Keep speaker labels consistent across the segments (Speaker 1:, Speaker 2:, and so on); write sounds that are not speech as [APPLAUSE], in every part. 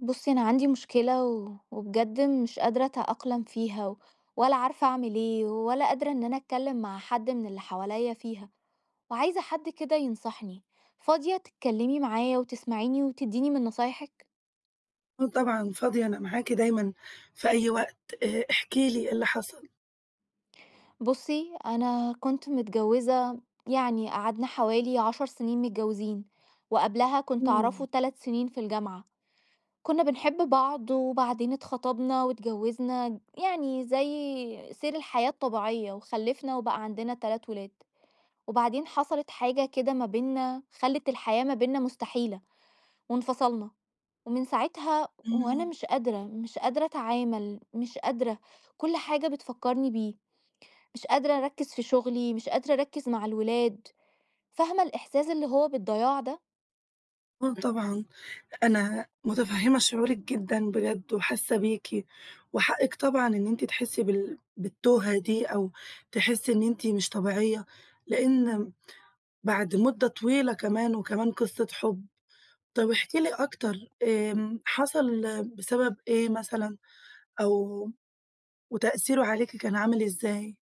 Speaker 1: بُصي، أنا عندي مُشكلة و وبجد مش قادرة أتأقلم فيها، ولا عارفة أعمل إيه؟ ولا قادرة إن أنا أتكلم مع حد مِن اللي حواليّا فيها. وعايزة حد كدا يَنَصحني. فاضية تتكَلمي معايا، وتسمعيني، وتديني مِن نصايحِك؟
Speaker 2: آه طبعًا فاضية أنا معاكِ دايمًا في أي وقت. آآ احكي لي إيه اللي حصل؟
Speaker 1: بُصي، أنا كنت متجوزة يعني قَعدنا حوالي 10 سنين متجوزين، وقَبلَها كنت أعرفه
Speaker 2: امم.
Speaker 1: 3 سنين في الجامعة. كنا بنحب بعض، وبَعدين اتخطبنا واتجوزنا، يعني زي سير الحياة الطبيعية، وخلفنا، وبقى عندنا 3 ولاد. وبعدين حصلت حاجة كدا مَا بيننا، خَلت الحياة ما بيننا مُستحيلة، وانفصلنا. ومن ساعتها وأنا
Speaker 2: امم.
Speaker 1: مش قادرة، مش قادرة أتعامل، مش قادرة. كل حاجة بتفكرني بيه. مش قادرة أركز في شُغلي، مش قادرة أركز مع الولاد. فاهمة الإحساس اللي هو بالضياع ده؟
Speaker 2: آه، طبعًا أنا مُتفهمة شعورِك جدًا بجد وحَاسة بِيكِ، وحقِك طبعًا إن أنتِ تَحسّي بال بالتوهة دي، أو تحسي إن أنتِ مش طبيعية، لأن بعد مُدة طويلة كمان، وكمان قصة حُب. طَب احكي لي أكتر آمم حصل بسبب إيه مثلًا؟ أو وتأثيره عليكِ كان عامل إزاي؟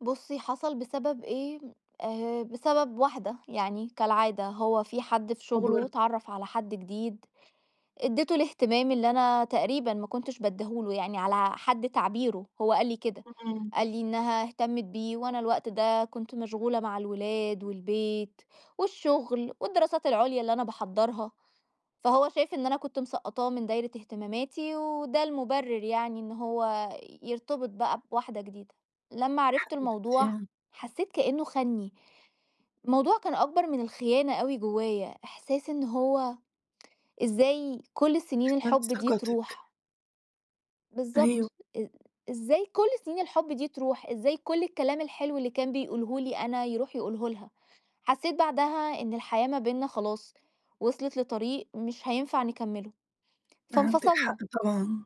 Speaker 1: بُصِي، حصل بسبب إيه؟ آآ بسبب واحدة، يعني كالعادة هو في حد
Speaker 2: يا
Speaker 1: في شغله،
Speaker 2: خبر!
Speaker 1: اتعَرّف على حد جديد، ادِّتُه الاهتمام اللي أنا تقريبًا ما كُنتش بَادّيه له يعني على حد تعبيره، هوَّ قَال لي كدا.
Speaker 2: امم.
Speaker 1: قال لي إنّها اهَتمّت بِيه، وأنا الوقت دا كُنت مَشغُولة مع الولاد، والبيت، والشغل، والدراسات العُليا اللي أنا باحَضَّرها. فهو شَايف إن أنا كُنت مسَقّطاه مِن دايرة اهتماماتي، وده المُبرر يعني إن هوَّ يرتبط بقى بواحدة جديدة. لَمّا
Speaker 2: يا
Speaker 1: عرفت الموضوع،
Speaker 2: حبيبتي.
Speaker 1: حسّيت كأنّه خَانني. [SIGHS] الموضوع كان أكبر مِن الخيانة أوي جُوّايا، إحساس إن هو [TSK] إزاي كُل السّنين
Speaker 2: خَان
Speaker 1: الحب دِي
Speaker 2: ثقتك.
Speaker 1: تَروح؟
Speaker 2: أيوه.
Speaker 1: بالضبط، إ إزاي كُل سِنين الحُب دِي تروح؟ إزاي كُل الكَلام الحلو اللي كان بيقوله لي أنا يروح يقوله لها؟! حَسّيت بعدها إن الحياة ما بيننا خلاص، وصلت لطريق مش هينفع نكمله،
Speaker 2: عندِك حق
Speaker 1: فانفصلنا.
Speaker 2: طبعًا.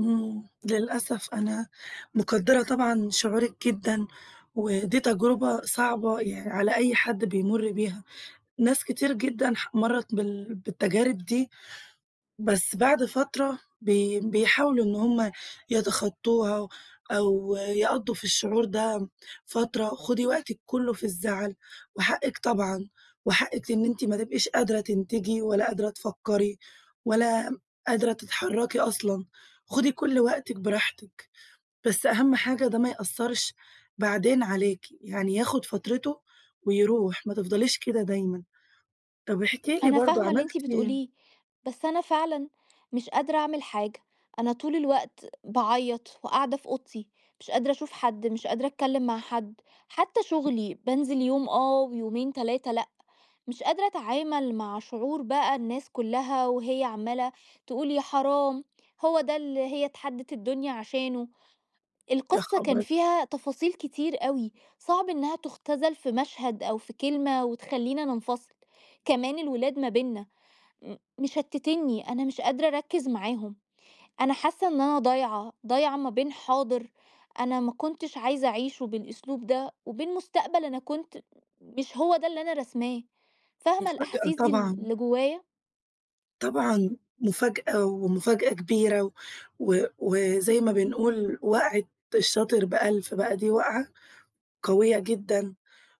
Speaker 2: امم، للأسف أنا مُقدرة طبعًا شعورِك جدًا، ودِي تَجربة صَعبة يع على أي حد بيمُر بيها. ناس كتير جدًا ح مَرَّت بال بالتجارب دِي، بَس بَعد فَترة بي بيحاولوا إن هم يتَخطوها أو يقضوا في الشعور ده فترة. خُدي وَقتك كُله في الزعل. وحقك طبعًا، وحقِك إن أنت ما تبقِيش قادرة تنتجِي، ولا قادرة تفكّري، ولا قادرة تتحركي أصلًا. خُدي كل وقتك براحتِك. بس أهم حاجة ده ما يأثرش بعدين عليك، يعني ياخد فَترته ويرُوح، ما تفضليش كدا دايمًا. طَب أحكي لي
Speaker 1: أنا
Speaker 2: برضو
Speaker 1: فاهمة اللي
Speaker 2: عملتِ
Speaker 1: أنتِ
Speaker 2: إيه؟
Speaker 1: بتقوليه، بس أنا فعلًا، مش قادرة أعمل حاجة أنا طول الوقت باعيط وقَاعدة في أوضتي. مش قادرة أَشُوف حد، مش قادرة أتكلّم مع حَدّ. حتّى شُغلي، بانزل يوم آه ويومين 3 لأ. مش قادرة أتعامل مع شعور بقى الناس كُلّها وهيّ عمّالة تقول: "يا حرام، هو دا اللي هي اتحَدّت الدنيا عشانُه."
Speaker 2: يا
Speaker 1: القصّة كان
Speaker 2: خبر!
Speaker 1: فيها تفاصيل كتير أوي، صعب إنّها تُختزَل في مشهد أو في كلمة، وتخَلّينا ننفَصِل. كمان الولاد ما بيننا م مشتتينني، أنا مش قادرة أَركز معاهم. أنا حاسّة إن أنا ضايعة، ضايعة ما بين حاضر أنا ما كُنتش عايزة أَعِيشه بالأسلوب ده، وبين مستقبل أنا كُنت م مش هو ده اللي أنا راسماه. فاهمة
Speaker 2: مُفاجأة
Speaker 1: الأحاسيس دي ال
Speaker 2: طبعًا.
Speaker 1: اللي جُوّايا؟
Speaker 2: طبعًا، مفاجأة ومفاجأة كبيرة و وزي ما بنقول وقعة الشاطر بأَلْف، بقى دي وقعة قويّة جدًا،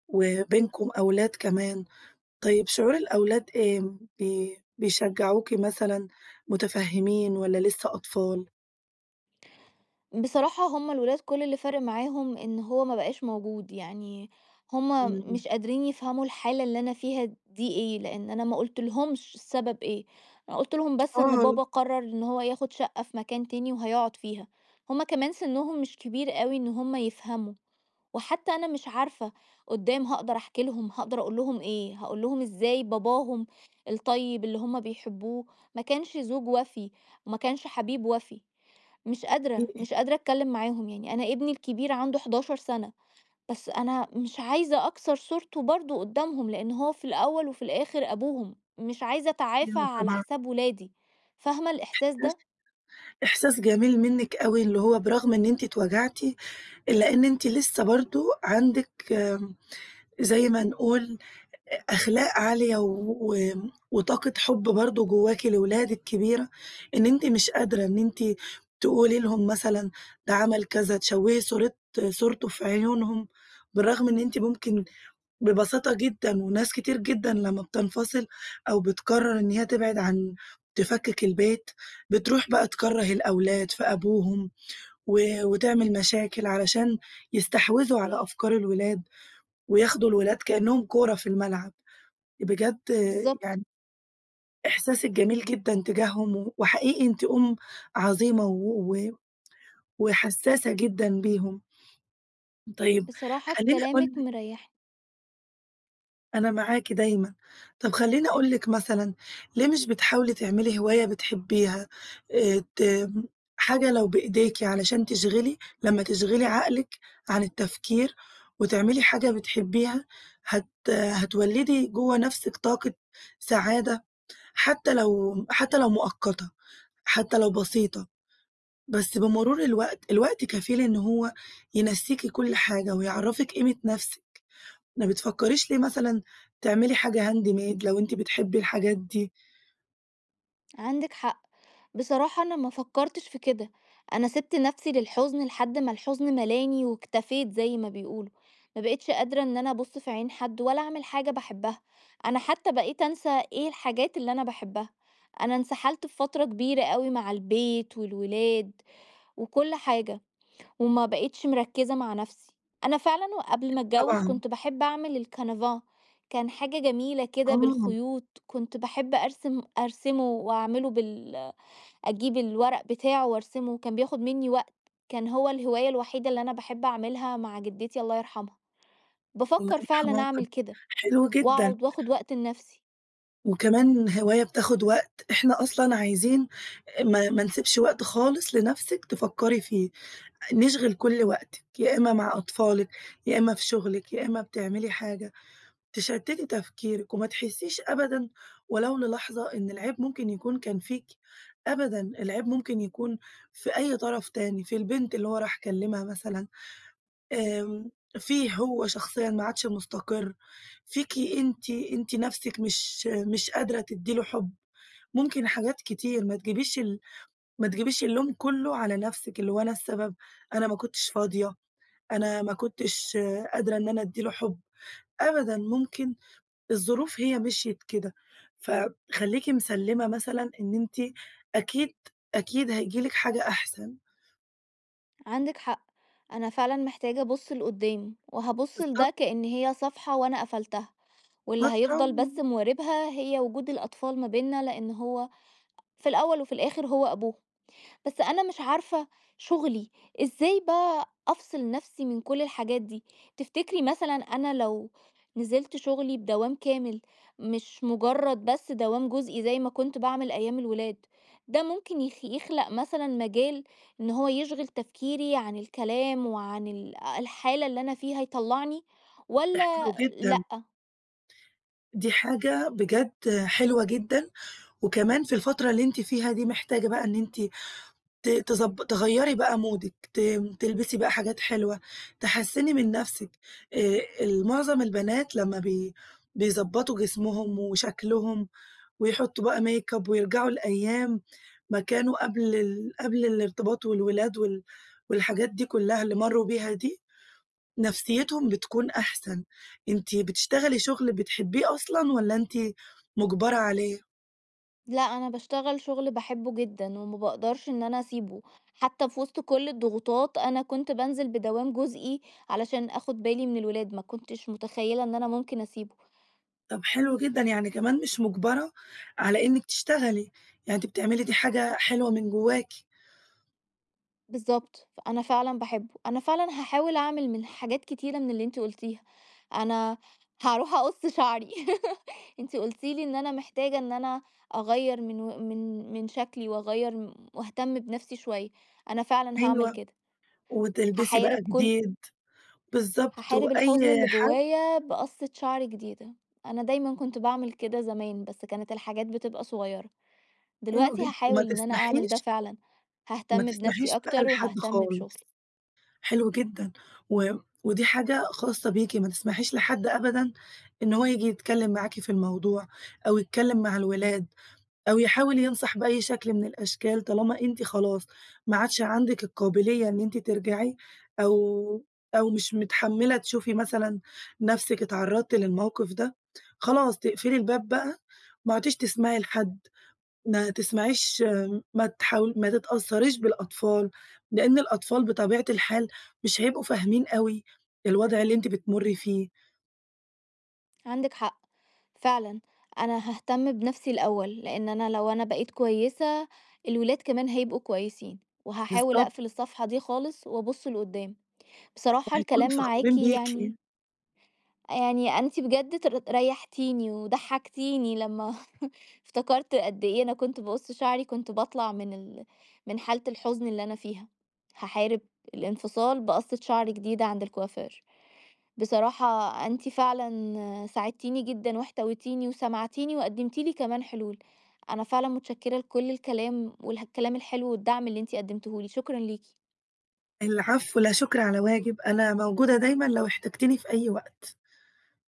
Speaker 2: وبينكم أولاد كمان. طيّب شعور الأولاد إيه؟ بي بيشجعوكِ مثلًا، متفهمين، والّا لسّه أطفال؟
Speaker 1: بصراحة هم الولاد كل اللي فارق معاهم إن هو ما بقاش موجود، يعني هم
Speaker 2: امم.
Speaker 1: مش قادرين يفهموا الحالة اللي أنا فيها دي إيه، لإن أنا ما قلتلهمش السبب إيه، أنا قُلت لهم بس إن
Speaker 2: آه.
Speaker 1: بابا قرر إن هو ياخد شقّة في مكان تاني وهيقعد فيها. هم كمان سنهم مش كبير أوي إن هم يفهموا، وحتّى أنا مش عارفة قُدّام هاقدر أحكي لهم، هاقدر أقول لهم إيه؟ هاقول لهم إزاي باباهم الطيّب اللي هم بيحبوه ما كانش زوج وَفِي، وما كانش حبيب وَفِي. مش قادرة،
Speaker 2: إيه؟
Speaker 1: مش قادرة أتكلّم معاهم يعني أنا ابني الكبير عنده 11 سنة، بس أنا مش عايزة أكسر صورته برضو قدّامهم لإن هو في الأوّل وفي الآخر أبوهم، مش عايزة أتعافى
Speaker 2: أيوه،
Speaker 1: على
Speaker 2: طبعًا.
Speaker 1: حساب ولادي. فاهمة الإحساس
Speaker 2: إحساس
Speaker 1: ده؟
Speaker 2: إحساس جميل منِّك أوي اللي هو برغم إن أنتِ اتوجعتِ، إلّا إن أنتِ لسّه برضو عندِك، آمم، زي ما نقول أخلاق عالية و وطاقة حب برضو جوّاكِ لولادك كبيرة، إن أنتِ مش قادرة إن أنتِ تقولي لهم مثلًا ده عمل كذا، تشوهي صورة صورته في عيونهم، بالرغم إن أنتِ ممكن ببساطة جدًا وناس كتير جدًا لمّا بتنفصل أو بتقرر إن هيّ تبعد عن تفكك البيت، بتروح بقى تكرَّه الأولاد في أبوهم، و وتعمل مشاكل علشان يستحوذوا على أفكار الولاد، وياخدوا الولاد كأنّهم كورة في الملعب. بجد
Speaker 1: بالضبط.
Speaker 2: يعني إحساسك جميل جدًا تجاههم، وحقيقي أنتِ أم عظيمة و وحساسة جدًا بيهم. طيّب
Speaker 1: بصراحة
Speaker 2: خلّيني أقول
Speaker 1: كلامِك
Speaker 2: لِك
Speaker 1: مريحني.
Speaker 2: أنا معاكِ دايمًا، طَب خلّيني أقول لِك مثلًا، ليه مش بتحاولي تِعملي هواية بتحبيها، آآ ت حاجة لو بإيدِيكِ علشان تِشغِلي لمّا تِشغِلي عقلك عن التفكير وتعملي حاجة بتحبيها، هتَ هتوَلِّدي جوّه نفسك طاقة سعادة، حتّى لو حتّى لو مؤقتة، حتّى لو بسيطة. بس بمرور الوقت، الوقت كفيل إن هو ينسيكِ كل حاجة، ويعَرَفِك قيمة نفسك. ما بتفكريش ليه مثلًا، تعملي حاجة handmade لو أنتِ بتحبِي الحاجات دي؟
Speaker 1: عندِك حق. بصراحة أنا ما فكرتش في كده. أنا سيبت نفسي للحزن لحد ما الحزن ملاني واكتفيت زي ما بيقولوا، ما بقيتش قادرة إن أنا أبص في عين حد ولا أعمل حاجة باحبها. أنا حتى بقيت أنسى إيه الحاجات اللي أنا باحبّها. أنا انسحلت في فترة كبيرة أوي مع البيت، والولاد، وكل حاجة، وما بقيتش مركزة مع نفسي. أنا فعلًا وقبل ما أتجوز
Speaker 2: طبعًا.
Speaker 1: كنت باحب أعمل الcanvas كان حاجة جميلة كده
Speaker 2: آه.
Speaker 1: بالخيوط، كنت باحب أرسم أرسمه وأعمِلُه بال أجيب الورق بتاعه وأرسمه كان بياخد مِنّي وقت، كان هو الهواية الوحيدة اللي أنا باحب أعملها مع جدتي الله يرحمها.
Speaker 2: الله
Speaker 1: بافكر
Speaker 2: يرحمها
Speaker 1: فعلًا
Speaker 2: و،
Speaker 1: أعمل
Speaker 2: [UNINTELLIGIBLE]
Speaker 1: كده،
Speaker 2: حلو جدًا.
Speaker 1: وأقعد وأخُد وقت لنفسي.
Speaker 2: وكمان هواية بتاخد وقت، إحنا أصلًا عايزين ما ما نسيبش وقت خالص لنفسِك تفكري فيه. نشغل كل وقتك. يا إما مع أطفالك، يا إما في شغلك، يا إما بتعملي حاجة، تشتتى تفكيرك، وما تحسيش أبدًا ولو للحظة إن العيب ممكن يكون كان فيكِ، أبداً، العيب ممكن يكون في أي طرف تاني في البنت اللي هو راح كلمها مثلًا، آمم فيه هو شخصيًا ما عادش مستقر، فيكِ أنتِ، أنتِ نَفسك مش مش قادرة تدي له حب. ممكن حاجات كتير ما تجيبيش ال ما تجيبيش اللوم كله على نفسك، اللي هو أنا السبب، أنا ما كنتش فاضية، أنا ما كنتش قادرة إن أنا أدي له حب. أبدًا، ممكن الظروف هي مشيت كده. فخلّيكِ مِسلّمة مثلًا إن أنتِ أكيد، أكيد هَييجي لِك حاجة أحسن.
Speaker 1: عندِك حق. أنا فعلًا محتاجة أبص لقدام، وهابص
Speaker 2: بالضب
Speaker 1: لده كأن هي صفحة وأنا قفلتها، واللي
Speaker 2: فترة
Speaker 1: هيفضل
Speaker 2: م
Speaker 1: بس مواربها هي وجود الأطفال ما بيننا لأن هو في الأول وفي الآخر هو أبوهم. بس أنا مش عارفة شغلي إزاي بقي أفصل نفسي من كل الحاجات دي؟ تفتكري مثلاً، أنا لو نزلت شغلي بدوام كامل مش مجرد بس دوام جزئي زي ما كنت باعمل أيام الولاد، ده ممكن يخ يخلق مثلاً مجال إن هو يشغل تفكيري عن الكلام وعن ال الحالة اللي أنا فيها يطلعني
Speaker 2: ده حلو
Speaker 1: والّا
Speaker 2: جدًا.
Speaker 1: لأ؟
Speaker 2: دي حاجة بجد حلوة جدًا، وكمان في الفترة اللي أنتِ فيها دي محتاجة بقى إن أنتِ ت تضب تغيري بقى مودِك ت تلبسي بقى حاجات حلوة، تحسِّني من نفسك. آآ المعظم البنات لما بي بيضبطوا جسمهم وشكلهم، ويحطوا بقى make up ويرجعوا لأيام ما كانوا قبل ال قبل الارتباط والولاد وال والحاجات دي كلها اللي مروا بيها دي، نفسيتهم بتكون أحسن. أنتِ بتشتغلي شغل بتحبيه أصلًا، والّا أنتِ مجبرة عليه؟
Speaker 1: لأ، أنا باشتغل شُغل باحبّه جدًا، وما باقدرش إن أنا أسيبُه، حتى في وسط كل الضغوطات، أنا كُنت بانزل بدوام جزئي علشان آخد بالي من الولاد، ما كنتش متخيلة إن أنا ممكن أسيبُه.
Speaker 2: طب حلو جدًا، يعني كمان مش مُجَبرة على إنّك تشتغلي. يعني أنتِ بتعملي دي حاجة حلوة من جوّاكِ.
Speaker 1: بالضبط، فأنا فعلًا باحبه. أنا فعلًا هاحاول أعمل من حاجات كتيرة من اللي أنتِ قُلتيها. أنا هاروح أقص شعري. [LAUGHS] أنتِ قُلتِ لي إن أنا محتاجة إن أنا أغيّر من و مِن مِن شكلي، وأغير م وأهتم بنفسي شوية. أنا فعلًا هاعمل
Speaker 2: أيوه،
Speaker 1: كده.
Speaker 2: وتلبسي
Speaker 1: هاحارب
Speaker 2: بقى
Speaker 1: كُل
Speaker 2: جديد، بالضبط،
Speaker 1: هاحارب الحزن
Speaker 2: وأي
Speaker 1: اللي
Speaker 2: حد
Speaker 1: جُوّايا بقصة شعر جديدة. أنا دايمًا كنت باعمل كده زمان، بس كانت الحاجات بتبقى صغيرة.
Speaker 2: حلو
Speaker 1: دلوقتي
Speaker 2: جدًا، وما
Speaker 1: هاحاول إن أنا أعمل ده
Speaker 2: تسمحيش
Speaker 1: فعلًا.
Speaker 2: ما
Speaker 1: هاهتم بنفسي
Speaker 2: تَسمَحيش بقى
Speaker 1: أكتر،
Speaker 2: لحد
Speaker 1: وهاهتم
Speaker 2: خالص.
Speaker 1: بشُغلي.
Speaker 2: حلو جدًا، و ودي حاجة خاصة بيكِ، ما تسمحيش لحد أبدًا إن هو ييجي يتكلّم معاكِ في الموضوع، أو يتكلّم مع الولاد، أو يحاول ينصح بأي شكل مِن الأشكال، طالما أنتِ خلاص ما عَادش عنَدِك القابلية إن أنتِ ترجعي، أو أو مش متحملة تشوفي مثلًا نفسك اتعرَّضتِ للموقف ده، خلاص تقفلي الباب بقى. ما عدتيش تسمعي لحد، ما تسمعيش ما تحاول ما تتأثريش بالأطفال، لإن الأطفال بطبيعة الحال مش هيبقوا فاهمين أوي الوضع اللي أنتِ بتمُرّي فيه.
Speaker 1: عندِك حق. فعلًا، أنا هاهتم بنفسي الأوّل، لإن أنا لو أنا بقيت كويّسة، الولاد كمان هيبقوا كويسين. وهاحاول
Speaker 2: بالضبط.
Speaker 1: أقفل الصفحة دي خالص، وأبُص لقُدّام. بصراحة،
Speaker 2: وهيكونوا
Speaker 1: الكلام معاكِ
Speaker 2: فخورين بيكِ.
Speaker 1: يعني يعني أنتِ بجد تر رَيحتيني وضَحكتيني لمّا [CHUCKLES] افتكرت قد إيه أنا كنت باقص شعري، كنت باطلع مِن ال مِن حالة الحزن اللي أنا فيها. هاحارب الانفصال بقصة شعر جديدة عند الكوافير. بصراحة، أنتِ فعلًا ساعدتيني جدًا، واحتويتيني، وسمعتيني، وقدمتِ لي كمان حلول. أنا فعلًا مُتشكرة لكل الكلام، والكلام الحلو، والدعم اللي أنتِ قدمتيه لي. شكرًا ليكِ.
Speaker 2: العفو لا شكر على واجب. أنا موجودة دايمًا لو احتجتيني في أيّ وقت.